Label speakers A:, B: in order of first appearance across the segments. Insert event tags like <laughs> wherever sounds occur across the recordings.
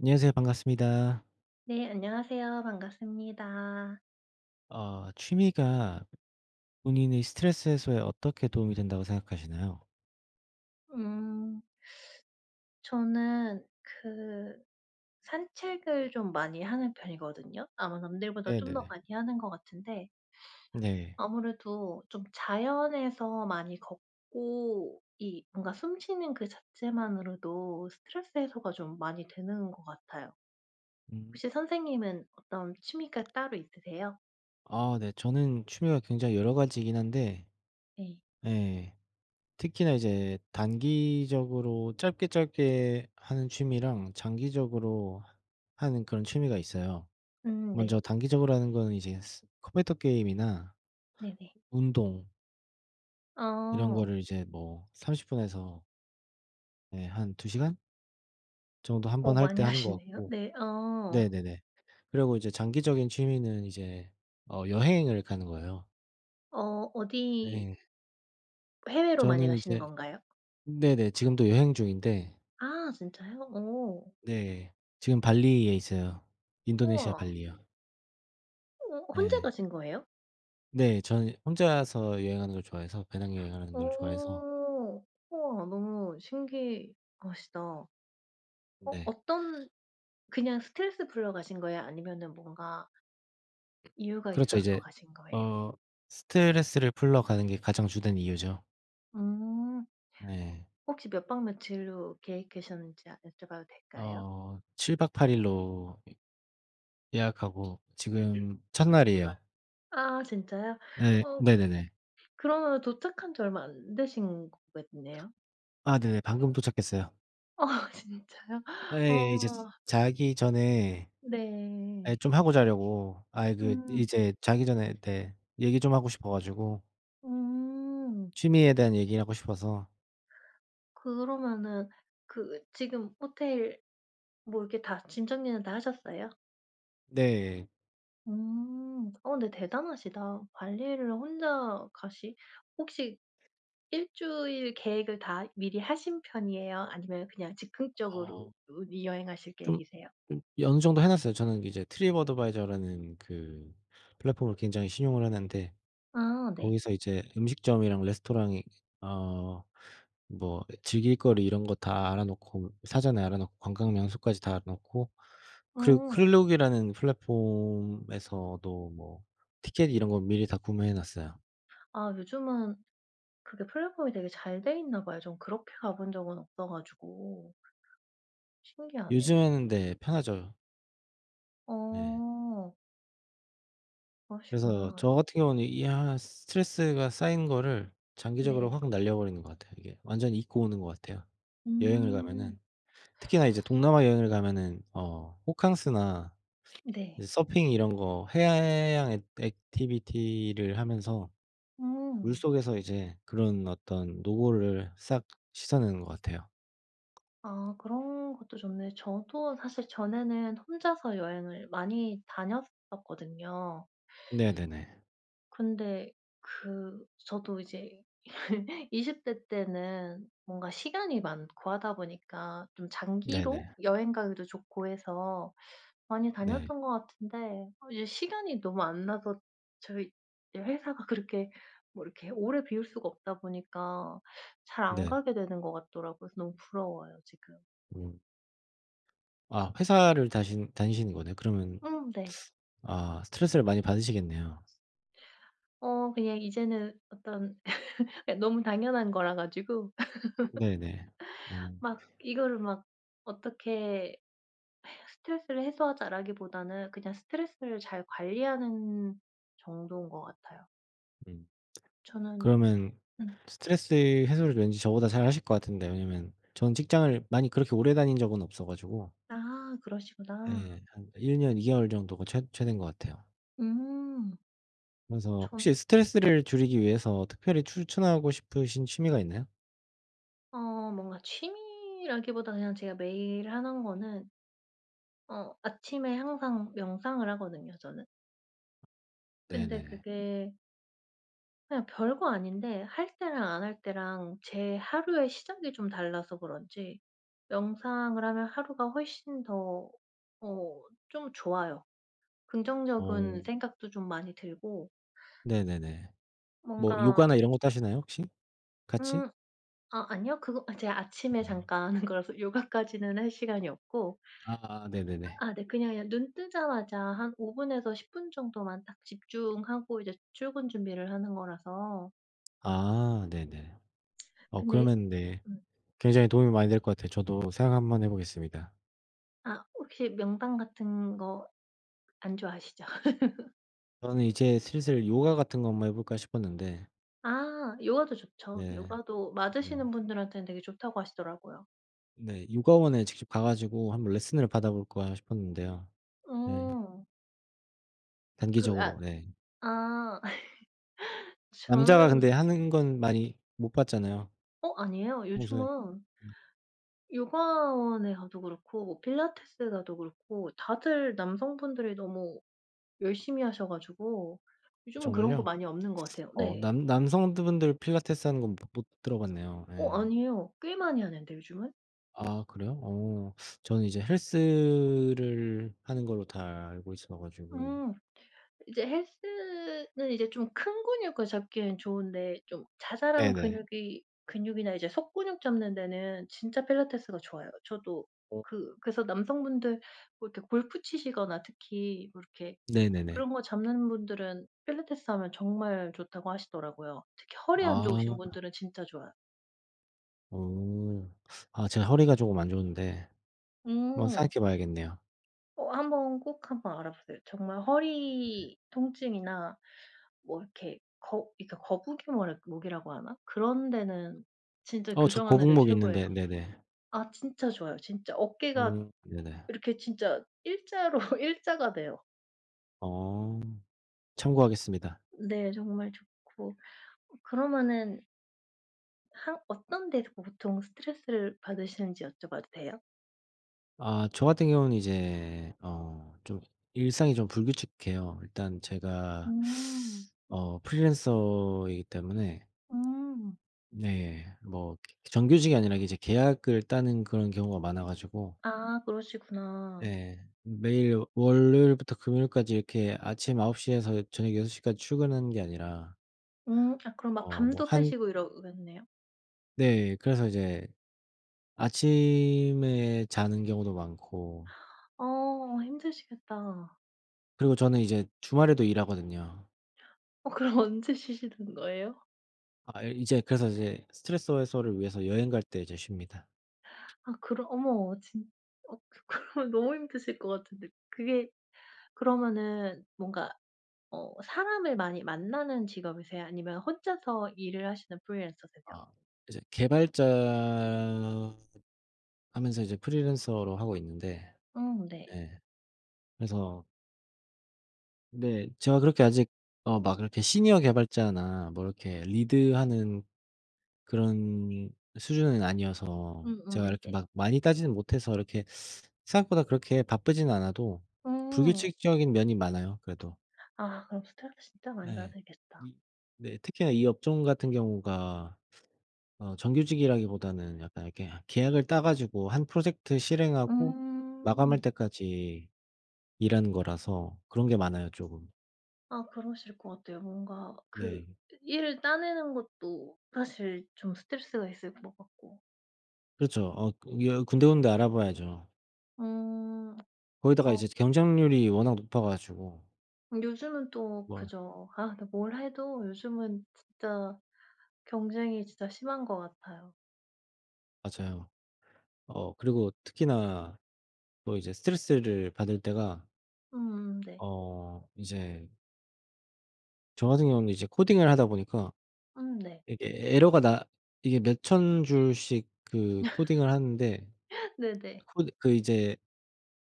A: 안녕하세요. 반갑습니다.
B: 네 안녕하세요. 반갑습니다.
A: 어 취미가 본인의 스트레스 해소에 어떻게 도움이 된다고 생각하시나요?
B: 음. <sucks teeth> 저는 그 산책을 좀 많이 하는 편이거든요. 아마 남들보다 좀 더
A: 네네네.
B: 많이 하는 것 같은데
A: 네.
B: <sucks teeth> 아무래도 좀 자연에서 많이 걷고 이 뭔가 숨 쉬는 그 자체만으로도 스트레스 해소가 좀 많이 되는 것 같아요.
A: 음.
B: 혹시 선생님은 어떤 취미가 따로 있으세요?
A: 아 네 저는 취미가 굉장히 여러 가지이긴 한데
B: 네.
A: 예 특히나 이제 단기적으로 짧게 짧게 하는 취미랑 장기적으로 하는 그런 취미가 있어요.
B: 음
A: 먼저
B: 네.
A: 단기적으로 하는 거는 이제 스 컴퓨터 게임이나
B: 네네.
A: 운동 이런
B: 어.
A: 거를 이제 뭐 30 분에서 네 한 2 시간 정도 1 번
B: 어
A: 할
B: 많이
A: 때 하는 것
B: 하시네요.
A: 같고
B: 네 어.
A: 네네네 그리고 이제 장기적인 취미는 이제 어 여행을 가는 거예요.
B: 어 어디
A: 네.
B: 해외로 많이
A: 저는
B: 가시는
A: 이제
B: 건가요?
A: 네네 지금도 여행 중인데
B: 아 진짜요? 어.
A: 네. 지금 발리에 있어요. 인도네시아
B: 우와.
A: 발리요.
B: 어 혼자
A: 예.
B: 가신 거예요?
A: 네 저는 혼자서 여행하는 걸 좋아해서 배낭 여행하는 걸 좋아해서
B: 어 우와 너무 신기하시다. 어,
A: 네.
B: 어떤 그냥 스트레스 풀러 가신 거예요? 아니면은 뭔가 이유가
A: 그렇죠
B: 있어서
A: 이제
B: 가신 거예요?
A: 어 스트레스를 풀러 가는 게 가장 주된 이유죠.
B: 음.
A: 네.
B: 혹시 몇 박 며칠로 계획 되셨는지 아 여쭤봐도 될까요?
A: 어 7 박 8 일로 이 예약하고 지금 첫날이에요.
B: 아 진짜요?
A: 예.
B: 어
A: 네네네.
B: 그러면은 도착한지 얼마 안 되신 거겠네요.
A: 아 네네. 방금 도착했어요.
B: 어 진짜요?
A: 예예예 이제
B: 어.
A: 자기 전에 예
B: 네.
A: 좀 하고 자려고 아니 그
B: 음.
A: 이제 자기 전에 네 얘기 좀 하고 싶어 가지고
B: 음.
A: 취미에 대한 얘기를 하고 싶어서
B: 그러면은 그 지금 호텔 뭐 이렇게 다 짐 정리는 다 하셨어요?
A: 네.
B: 음. 어 근데 대단하시다. 발리를 혼자 가시 혹시 1 주일 계획을 다 미리 하신 편이예요, 아니면 그냥 즉흥적으로
A: 어.
B: 우 여행하실
A: 좀
B: 계획이세요?
A: 좀 예 어느 정도 해 놨어요. 저는 이제 트립어드바이저라는 그 플랫폼을 굉장히 신용을 하는데
B: 아 네.
A: 거기서 이제 음식점이랑 레스토랑이 어 뭐 즐길 거리 이런 거 다 알아 놓고 사전에 알아 놓고 관광명소까지 다 알아 놓고 그리고
B: 음.
A: 클룩이라는 플랫폼에서도 뭐 티켓 이런 거 미리 다 구매해 놨어요.
B: 아 요즘은 그게 플랫폼이 되게 잘 돼 있나 봐요. 전 그렇게 가본 적은 없어 가지고 신기하네.
A: 요즘에는 네 편하죠. 네.
B: 어.
A: 그래서
B: 그러시구나.
A: 저 같은 경우는 이 한 스트레스가 쌓인 거를 장기적으로
B: 네.
A: 확 날려버리는 것 같아요, 이게. 완전히 잊고 오는 것 같아요, 여행을
B: 음.
A: 가면은. 특히나 이제 동남아 여행을 가면은 어 호캉스나
B: 네.
A: 이제 서핑 이런 거 해양 액 액티비티를 하면서
B: 음.
A: 물속에서 이제 그런 어떤 노고를 싹 씻어내는 것 같아요.
B: 아 그런 것도 좋네요. 저도 사실 전에는 혼자서 여행을 많이 다녔었거든요.
A: 네네네.
B: 근데 그 저도 이제 <laughs> 20 대 때는 뭔가 시간이 많고 하다 보니까 좀 장기로
A: 네네.
B: 여행 가기도 좋고 해서 많이
A: 네.
B: 다녔던 것 같은데 이제 시간이 너무 안 나서 저희 예 회사가 그렇게 뭐 이렇게 오래 비울 수가 없다 보니까 잘 안
A: 네.
B: 가게 되는 것 같더라고요. 그래서 너무 부러워요 지금.
A: 음. 아 회사를 다신 다니시는 거네요. 그러면
B: 음 네.
A: <sucks teeth> 아 스트레스를 많이 받으시겠네요.
B: 어 그냥 이제는 어떤 <laughs> 예 너무 당연한 거라 가지고
A: 네네.
B: <laughs>
A: 어.
B: 막 이거를 막 어떻게 '스트레스를 해소하자.'라기보다는 그냥 스트레스를 잘 관리하는 정도인 것 같아요.
A: 음.
B: 저는
A: 그러면
B: 음.
A: 스트레스 해소를 왠지 저보다 잘하실 것 같은데 왜냐하면 전 직장을 많이 그렇게 오래 다닌 적은 없어 가지고.
B: 아 그러시구나.
A: 예 한 1 년 2 개월 정도가 최 최대인 것 같아요.
B: 음.
A: 그래서 혹시
B: 전
A: 스트레스를 줄이기 위해서 특별히 추천하고 싶으신 취미가 있나요?
B: 어 뭔가 취미라기보단 그냥 제가 매일 하는 거는 어 아침에 항상 명상을 하거든요 저는. 근데
A: 네네네.
B: 그게 그냥 별거 아닌데 할 때랑 안 할 때랑 제 하루의 시작이 좀 달라서 그런지 명상을 하면 하루가 훨씬 더 어 좀 좋아요.
A: 어.
B: 긍정적인 생각도 좀 많이 들고
A: 네네네. 뭐
B: 뭔가
A: 요가나 이런 것도 하시나요 혹시? 같이?
B: 음 아 아니요. 그거 아 제가 아침에
A: 아.
B: 잠깐 하는 거라서 요가까지는 할 시간이 없고
A: 아 네네네.
B: 아 네 그냥 예 눈뜨자마자 한 5 분에서 10 분 정도만 딱 집중하고 이제 출근 준비를 하는 거라서
A: 아 네네.
B: <smacks lips>
A: 어
B: 근데
A: 그러면 네
B: 음.
A: 굉장히 도움이 많이 될 것 같아요. 저도 생각 한번 해보겠습니다.
B: 아 혹시 명상 같은 거 안 좋아하시죠? <laughs>
A: 저는 이제 슬슬 요가 같은 거 한번 해 볼까 싶었는데
B: 아 요가도 좋죠.
A: 네.
B: 요가도
A: 네.
B: 맞으시는 분들한테는 되게 좋다고 하시더라고요.
A: 네. 요가원에 직접 가 가지고 한번 레슨을 받아 볼까 싶었는데요. 네.
B: 음. 그 앗
A: 단기적으로 네.
B: 아 <laughs>
A: 남자가
B: 저는
A: 근데 하는 건 많이 못 봤잖아요.
B: 어 아니에요.
A: 평소에
B: 요즘은
A: 음.
B: 요가원에 가도 그렇고 필라테스 가도 그렇고 다들 남성분들이 너무 열심히 하셔 가지고
A: 아
B: 요즘은 그런 거
A: 정말요?
B: 많이 없는 것 같아요.
A: <sucks teeth> 어
B: 네.
A: 남 남성들 분들 필라테스하는 건 못 못 들어 봤네요
B: 어
A: 예.
B: 아니에요. 꽤 많이 하는데 요즘은?
A: 아 그래요? 오. 저는 이제 헬스를 하는 걸로 다 알고 있어 가지고.
B: 음. 이제 헬스는 이제 좀 큰 근육을 잡기엔 좋은데 좀 자잘한
A: 네네.
B: 근육이 근육이나 이제 속근육 잡는 데는 진짜 필라테스가 좋아요. 저도
A: 어.
B: 그 그래서 남성분들 뭐 이렇게 골프 치시거나 특히 뭐 이렇게
A: 네네네.
B: 그런 거 잡는 분들은 필라테스 하면 정말 좋다고 하시더라고요. 특히 허리 안
A: 아.
B: 좋으신 분들은 진짜 좋아요.
A: 어 아 제가 허리가 조금 안 좋은데 한번
B: 음.
A: 생각해 봐야겠네요.
B: 어 한번 꼭 한번 알아보세요. 정말 허리 통증이나 뭐 이렇게 거 그러니까 거북이 뭐라 목이라고 하나? 그런 데는 진짜
A: 어 저
B: 교정하는데
A: 거북목 있는데
B: 최고예요.
A: 네네.
B: 아 진짜 좋아요, 진짜. 어깨가
A: 어 네네.
B: 이렇게 진짜 1 자로 1 자가 돼요.
A: 어 참고하겠습니다.
B: 네 정말 좋고 그러면은 한 어떤 데서 보통 스트레스를 받으시는지 여쭤봐도 돼요?
A: 아 저 같은 경우는 이제 어 좀 일상이 좀 불규칙해요. 일단 제가
B: 음.
A: <sucks teeth> 어 프리랜서이기 때문에
B: 음.
A: 네. 뭐 정규직이 아니라 이제 계약을 따는 그런 경우가 많아 가지고
B: 아 그러시구나.
A: 네. 매일 월요일부터 금요일까지 이렇게 아침 9 시에서 저녁 6 시까지 출근하는 게 아니라
B: 음. 아 그럼 막
A: 어 뭐
B: 밤도
A: 한
B: 새시고 이러겠네요?
A: 네 그래서 이제 아침에 자는 경우도 많고
B: 어 힘드시겠다.
A: 그리고 저는 이제 주말에도 일하거든요.
B: 어 그럼 언제 쉬시는 거에요?
A: 아 이제, 그래서 이제 스트레스 해소를 위해서 여행 갈 때 이제 쉽니다.
B: 아 그럼 어머 진 어 그 그러면 너무 힘드실 것 같은데 그게 그러면은 뭔가 어 사람을 많이 만나는 직업이세요, 아니면 혼자서 일을 하시는 프리랜서세요?
A: 아 이제 개발자 하면서 이제 프리랜서로 하고 있는데,
B: 음 네.
A: 네 그래서 네. 제가 그렇게 아직 어 막 이렇게 시니어 개발자나 뭐 이렇게 리드하는 그런 수준은 아니어서
B: 음음
A: 제가 이렇게
B: 네네.
A: 막 많이 따지는 못해서 이렇게 <sucks teeth> 생각보다 그렇게 바쁘지는 않아도
B: 음.
A: 불규칙적인 면이 많아요 그래도.
B: 아 그럼 스트레스 진짜 많이
A: 예.
B: 받으시겠다.
A: 이 네 특히나 이 업종 같은 경우가 아 정규직이라기보다는 약간 이렇게 하 계약을 따 가지고 1 프로젝트 실행하고 마감할
B: 음.
A: 때까지 일하는 거라서 그런 게
B: <smacks lips>
A: 많아요 쪼금.
B: 아 그러실 것 같아요. 뭔가 그
A: 네.
B: 일을 따내는 것도 사실 좀 스트레스가 있을 것 같고.
A: 그렇죠. 어 이거 군데군데 알아봐야죠.
B: 음.
A: 거기다가
B: 아.
A: 이제 경쟁률이 워낙 높아가지고
B: 요즘은 또
A: 뭘
B: 그죠. 아 근데 뭘 해도 요즘은 진짜 경쟁이 진짜 심한 것 같아요.
A: 맞아요. 어 그리고 특히나 또 이제 스트레스를 받을 때가
B: 음 네.
A: 어 이제 저같은 경우에는 이제 코딩을 하다 보니까
B: 음 네.
A: 이게 에러가 나 이게 몇 1000 줄씩 그 코딩을 하는데
B: <laughs> 네네.
A: 코드 그 이제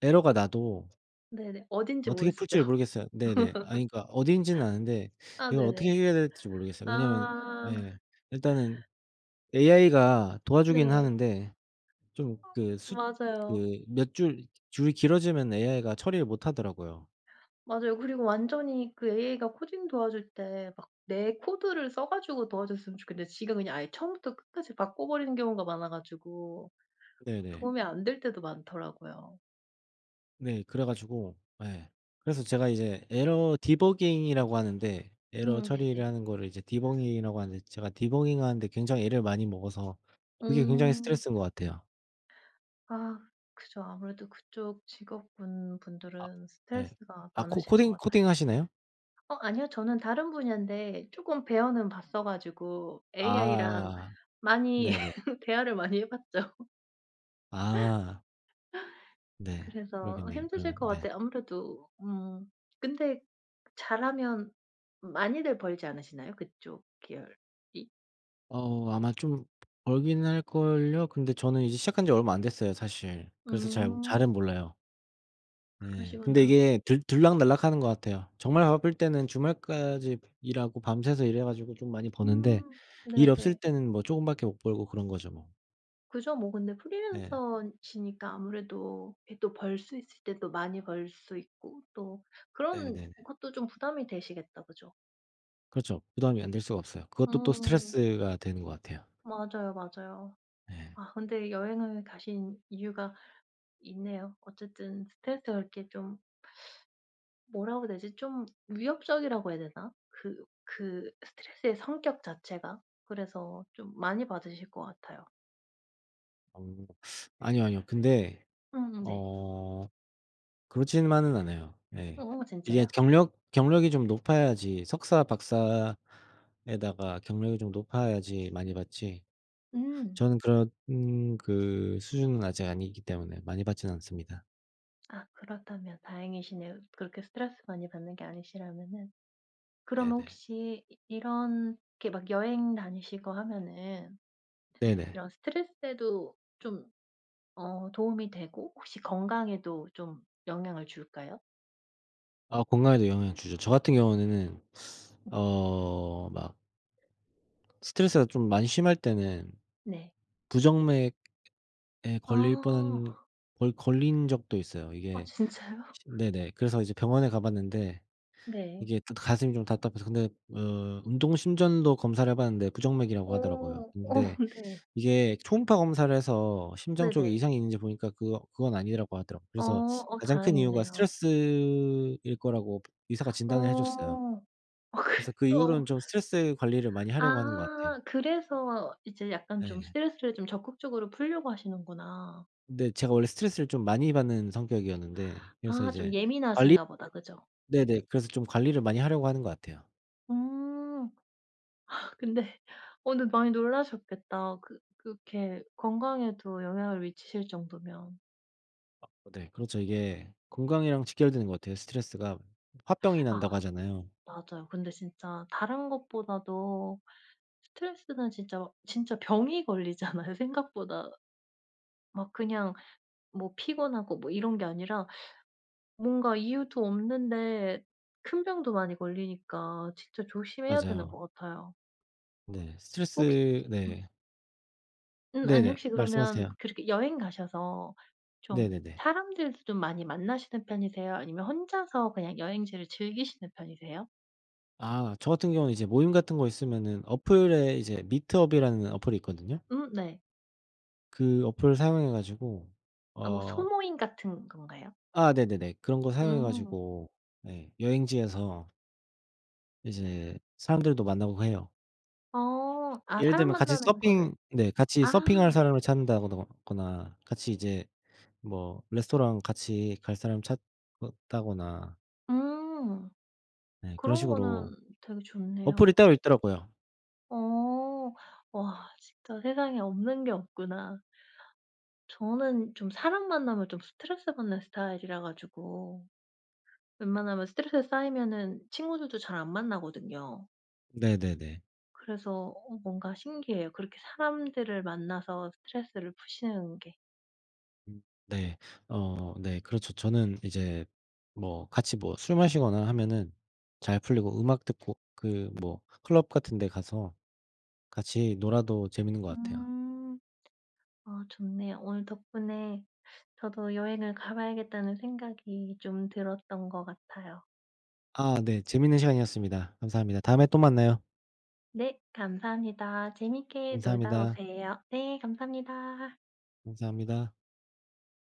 A: 에러가 나도
B: 네네. 어딘지
A: 어떻게
B: 모르시죠.
A: 풀지를
B: <laughs>
A: 모르겠어요. 네네. 아니 그러니까 어디인지는 아는데
B: 아
A: 이걸 어떻게
B: 네네.
A: 해결해야 될지 모르겠어요. 왜냐하면
B: 아.
A: 예 일단은 AI가 도와주긴
B: 네.
A: 하는데 좀 그 숫
B: 맞아요.
A: 그 몇 줄 줄이 길어지면 AI가 처리를 못 하더라고요.
B: 맞아요. 그리고 완전히 그 AI가 코딩 도와줄 때 막 내 코드를 써가지고 도와줬으면 좋겠는데 지가 그냥 아예 처음부터 끝까지 바꿔버리는 경우가 많아 가지고
A: 네네.
B: 도움이 안 될 때도 많더라고요.
A: 네. 그래 가지고 예. 그래서 제가 이제 에러 디버깅이라고 하는데 에러
B: 음
A: 처리를
B: 네네.
A: 하는 거를 이제 디버깅이라고 하는데 제가 디버깅하는데 굉장히 애를 많이 먹어서 그게 굉장히
B: 음.
A: 스트레스인 것 같아요.
B: 아 그죠. 아무래도 그쪽 직업군
A: 아.
B: 분들은
A: 예.
B: 스트레스가
A: 아 코
B: 많으실 것
A: 코딩
B: 같아요.
A: 코딩하시나요?
B: 어 아니요. 저는 다른 분야인데 쪼끔 배워는 봤어 가지고 AI랑
A: 아아아
B: 많이
A: 네네.
B: <laughs> 대화를 많이 해봤죠. <laughs>
A: 아. 네.
B: 그래서
A: 그러겠네요,
B: 힘드실
A: 그러면
B: 것
A: 네.
B: 같아요. 아무래도 음 근데 잘하면 많이들 벌지 않으시나요 그쪽 계열이?
A: 어 아마 좀 벌기는 할 걸요? 근데 저는 이제 시작한지 얼마 안 됐어요 사실. 그래서 잘
B: 음.
A: 잘은 몰라요. 네. 근데
B: 그러시구나.
A: 이게 들 들락날락 하는 것 같아요. 정말 바쁠 때는 주말까지 일하고 밤새서 일해 가지고 좀 많이 버는데
B: 음.
A: 일 없을
B: 네네.
A: 때는 뭐 쪼금밖에 못 벌고 그런 거죠 뭐.
B: 그죠 뭐 근데
A: 네.
B: 프리랜서시니까 아무래도 왜 또 벌 수 있을 때 또 많이 벌 수 있고 또 그런
A: 네네네.
B: 것도 좀 부담이 되시겠다, 그죠?
A: 그렇죠. 부담이 안 될 수가 없어요. 그것도 또
B: 음.
A: 스트레스가 되는 것 같아요.
B: 맞아요, 맞아요.
A: 예.
B: 아 근데 여행을 가신 이유가 있네요. 어쨌든 스트레스가 그렇게 좀 <sucks teeth> 뭐라 그래야 되지? 좀 위협적이라고 해야 되나? 그 그 스트레스의 성격 자체가? 그래서 좀 많이 받으실 것 같아요.
A: 음. <sucks teeth> 아니요, 아니요. 근데
B: 음 네.
A: 어 그렇지만은 않아요. 예.
B: 어
A: 이게
B: 진짜요?
A: 경력 경력이 좀 높아야지 석사 박사에다가 경력이 좀 높아야지 많이 받지.
B: 음.
A: 저는 그런 그 수준은 아직 아니기 때문에 많이 받지는 않습니다.
B: 아 그렇다면 다행이시네요 그렇게 스트레스 많이 받는 게 아니시라면은. 그러면
A: 네네.
B: 혹시 이 이렇게 막 여행 다니시고 하면은
A: 네네.
B: 이런 스트레스에도 좀 어 도움이 되고 혹시 건강에도 좀 영향을 줄까요?
A: 아 건강에도 영향을 주죠. 저같은 경우에는 <sucks teeth> 어 막 스트레스가 좀 많이 심할 때는
B: 네.
A: 부정맥에 걸릴
B: 아.
A: 뻔한 거의 걸린 적도 있어요.
B: 아
A: 이게
B: 진짜요?
A: 네네. 그래서 이제 병원에 가 봤는데
B: 네.
A: 이게 또 가슴이 좀 답답해서 근데 어 운동 심전도 검사를 해 봤는데 부정맥이라고 하더라고요.
B: 오 어
A: 근데
B: 네.
A: 이게 초음파 검사를 해서 심장쪽이
B: 네네.
A: 이상이 있는지 보니까 그거 그건 아니라고 하더라고요.
B: 어.
A: 그래서
B: 어
A: 가장 큰 이유가
B: 다행이네요.
A: 스트레스일 거라고 의사가
B: 어
A: 진단을 해 줬어요.
B: 아 그
A: 그래서 그
B: 또
A: 이후로는 좀 스트레스 관리를 많이 하려고 하는 것 같아요.
B: 아 그래서 이제 약간 좀
A: 네.
B: 스트레스를 좀 적극적으로 풀려고 하시는구나.
A: 네. 제가 원래 스트레스를 좀 많이 받는 성격이었는데 그래서
B: 아 좀
A: 이제 관리를
B: 예민하신가보다 그죠?
A: 네네 그래서 좀 관리를 많이 하려고 하는 것 같아요.
B: 음. 근데 어 네 많이 놀라셨겠다. 그 그렇게 건강에도 영향을 미시칠 정도면.
A: 어 네 그렇죠. 이게 건강이랑 직결되는 것 같아요 스트레스가. 홧병이
B: <sucks teeth> 아
A: 난다고 하잖아요.
B: 맞아요. 근데 진짜 다른 것보다도 스트레스는 진짜 진짜 병이 걸리잖아요. 생각보다 막 그냥 뭐 피곤하고 뭐 이런 게 아니라 뭔가 이유도 없는데 큰 병도 많이 걸리니까 진짜 조심해야 되는 것
A: 맞아요.
B: 같아요.
A: 네.
B: 혹시
A: 스트레스
B: 음.
A: 네.
B: 음 아니
A: 네네.
B: 혹시 그러면
A: 말씀하세요.
B: 그렇게 여행 가셔서 좀
A: 네네네.
B: 사람들도 좀 많이 만나시는 편이세요, 아니면 혼자서 그냥 여행지를 즐기시는 편이세요?
A: 아 저같은 경우는 이제 모임 같은 거 있으면은 어플에 이제 미트업이라는 어플이 있거든요.
B: 음 네.
A: 그 어플을 사용해 가지고
B: 아 뭐
A: 어
B: 소모임 같은 건가요?
A: 아 네네네. 그런 거 사용해
B: 음.
A: 가지고 네 여행지에서 이제 사람들도 만나고 해요.
B: 어. 아
A: 예를 들면 같이
B: 사람만나는 거를
A: 서핑 네 같이
B: 아.
A: 서핑할 사람을 찾는다 더거나 같이 이제 뭐 레스토랑 같이 갈 사람 찾는다거나
B: 음.
A: 네 그런
B: 그런 거는
A: 식으로
B: 되게
A: 어플이
B: 좋네요.
A: 따로 있더라고요.
B: 어. 와 진짜 세상에 없는 게 없구나. 저는 좀 사람 만나면 좀 스트레스 받는 스타일이라 가지고 웬만하면 스트레스 쌓이면은 친구들도 잘 안 만나거든요.
A: 네네네.
B: 그래서 어 뭔가 신기해요, 그렇게 사람들을 만나서 스트레스를 푸시는 게.
A: 음. 네. 어 네. 그렇죠 저는 이제 뭐 같이 뭐 술 마시거나 하면은 잘 풀리고 음악 듣고 그 뭐 클럽 같은 데 가서 같이 놀아도 재미있는 것 같아요.
B: 음. 어 좋네요. 오늘 덕분에 저도 여행을 가 봐야겠다는 생각이 좀 들었던 것 같아요.
A: 아 네 재밌는 시간이었습니다. 감사합니다. 다음에 또 만나요.
B: 네 감사합니다. 재밌게 놀다
A: 감사합니다.
B: 오세요. 네 감사합니다.
A: 감사합니다.